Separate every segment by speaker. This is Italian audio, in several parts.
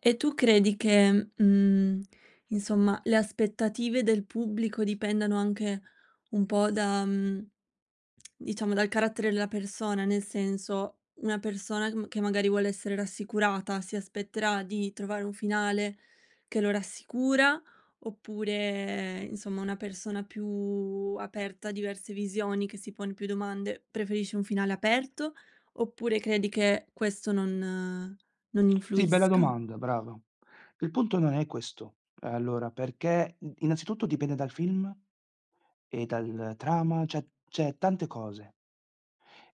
Speaker 1: E tu credi che, mhmm, insomma, le aspettative del pubblico dipendano anche un po' da, uhm, diciamo, dal carattere della persona? Nel senso, una persona che ma che magari, vuole essere rassicurata si aspetterà di trovare un finale che lo rassicura oppure, insomma, una persona più aperta a diverse visioni, che si pone più domande, preferisce un finale aperto, oppure credi che questo non non
Speaker 2: Sì, bella
Speaker 1: influisca?
Speaker 2: domanda, brava. Il punto non è questo, ehm allora, perché in innanzitutto dipende dal film e dalla trama, cioè- cioè tante cose.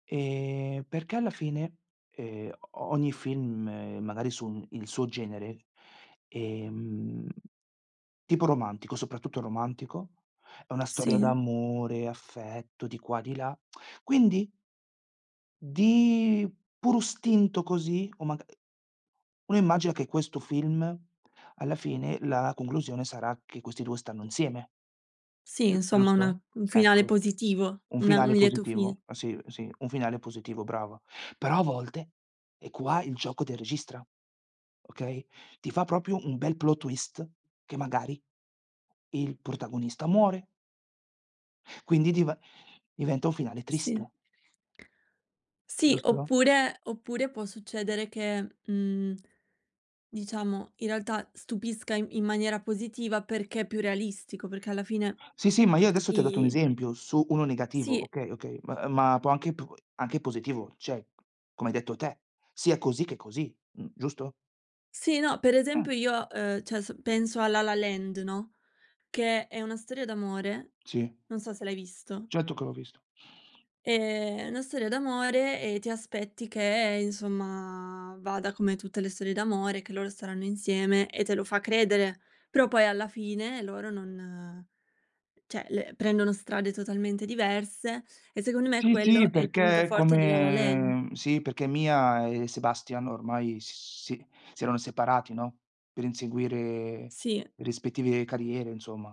Speaker 2: Ehm, perché alla fine, ehm o ogni film, magari sul il suo genere, ehm tipo romantico, soprattutto romantico, è una storia
Speaker 1: Sì.
Speaker 2: d'amore, affetto, di qua e di là. Quindi di puro istinto, così, o maga ehm, uno immagina che questo film, alla fine, la conclusione sarà che questi 2 stanno insieme.
Speaker 1: Sì,
Speaker 2: Giu
Speaker 1: insomma
Speaker 2: giusto?
Speaker 1: una un finale
Speaker 2: Ecco.
Speaker 1: positivo,
Speaker 2: Un
Speaker 1: una un
Speaker 2: finale
Speaker 1: lieto
Speaker 2: positivo.
Speaker 1: fine.
Speaker 2: Sì, sì, un finale positivo, brava. Però, a volte, e qua il gioco del registra, okay, ti fa, proprio, un bel plot twist che, magari, il protagonista muore quindi div diventa un finale triste.
Speaker 1: Sì. Sì,
Speaker 2: Giusto?
Speaker 1: oppure oppure può succedere che, mhmm, diciamo, in realtà stupisca in in maniera positiva, perché è più realistico, perché alla fine
Speaker 2: Sì sì, ma io adesso ti ho dato un
Speaker 1: i
Speaker 2: esempio su uno negativo,
Speaker 1: Sì.
Speaker 2: okay, okay, ma ehm ma può anche p anche positivo, cioè, come hai detto te, sia così che così, mhmm, giusto?
Speaker 1: Sì, no, per
Speaker 2: Mh.
Speaker 1: esempio, io, uhm, cioè s penso a La La Land, no, che è una storia d'amore,
Speaker 2: Sì.
Speaker 1: non so se l'hai visto
Speaker 2: Certo che l'ho visto.
Speaker 1: ehm, è una storia d'amore e ti aspetti che, insomma, vada come tutte le storie d'amore, che loro staranno insieme e te lo fa credere, però poi alla fine loro non, cioè le prendono strade totalmente diverse e secondo me
Speaker 2: Sì, sì,
Speaker 1: quello è il
Speaker 2: perché
Speaker 1: punto
Speaker 2: è
Speaker 1: forte di La La Land.
Speaker 2: come sì, perché Mia e Sebastian ormai, s si si erano separati, no, per inseguire
Speaker 1: Sì.
Speaker 2: le rispettive carriere, insomma.